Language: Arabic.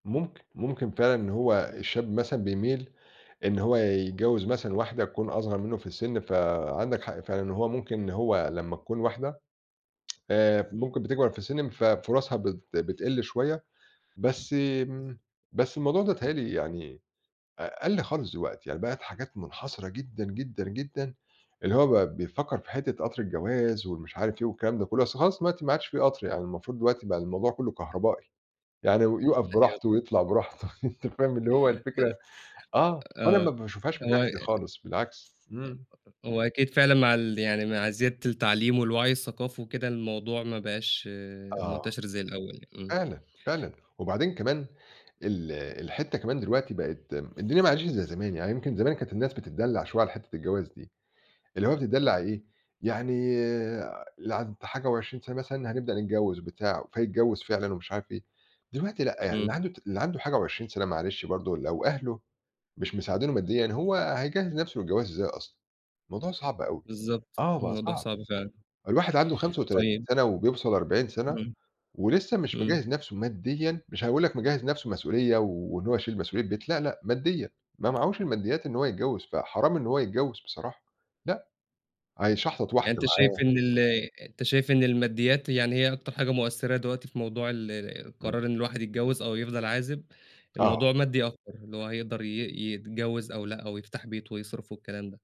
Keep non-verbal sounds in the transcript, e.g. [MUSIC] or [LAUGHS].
ممكن، ممكن فعلًا إن هو الشاب مثلًا بيميل إن هو يتجوّز مثلًا واحدة تكون أصغر منُّه في السِن، فعندك حق فعلًا إن هو ممكن إن هو لمّا تكون واحدة آآ إمم. ممكن بتكبر في السِن مف فرصها بت بتقل شوية، بس بالظ امم بس الموضوع ده بيتهيأ لي يعني أ قَل خالص دلوقتي يعني بقت حاجات منحصرة جدًا، جدًا، جدًا اللي هو بقى بيفكّر في حتّة قطر الجواز ومش عارف إيه، والكلام ده كلّه، أصل خلاص دلوقتي ما عادش في قطر يعني، المفروض دلوقتي بقى الموضوع كلّه كهربائي، يعني يُقف [CHUCKLES] أيوه، براحته طبعًا. ويطلع براحته [LAUGHS] أنت فاهم، اللي هو الفكرة [UNINTELLIGIBLE] آه، أنا آه، ما باشوفهاش من هو الناحية دي يق خالص بالعكس، إمم. [UNINTELLIGIBLE] هو أكيد فعلًا مع اللي يعني مع زيادة التعليم والوعي الثقافي وكده، الموضوع ما بقاش آه، منتشر زي الأول يعني، إمم. فعلًا، فعلًا وبعدين كمان ال الحتّة كمان دلوقتي بقت م الدنيا ما عادتش زي زمان، يعني يمكن زمان كانت الناس بتتدلّع شوية على حتّة الجواز دي، اللي هو بتتدلّع إمم. إيه، يعني اللي عدِّت حاجة و20 سَنة مثلًا هنبدأ نتجوّز بتاع، فيتجوّز فعلًا ومش عارف إيه، دلوقتي لأ يعني اللي إمم. عنده ت اللي عنده حاجة و20 سَنة معلش برضه لو أهله مش مساعدينه ماديًا، هو هيجهّز نفْسه للجواز إزاي أصلًا؟! الموضوع صعب أوي، بالضبط، آه بقى الموضوع صعب، صعب فعلًا. الواحد عنده 35 طيب سَنة وبيوصل 40 سَنة امم. ولسه مش إمم. مجهز نفْسه ماديًا، مش هيقول لك مجهز نفْسه مسؤولية، وإن هو يشيل مسؤولية بيت لأ، لأ، ماديًا ما معهوش الماديات إن هو يتجوّز، فحرام إن هو يتجوّز بصراحة. لأ، أكيد، هيشحطط واحدة يعني أنت شايف معاه إن ال أنت شايف إن الماديات يعني هي أكتر حاجة مؤثرة دلوقتي في موضوع ال إمم. قرار إن الواحد يتجوّز أو يفضل عازب، الموضوع آه. مادي أكتر اللي هو هيقدر ي يتجوّز أو لأ، أو يفتح بيت ويصرف والكلام ده.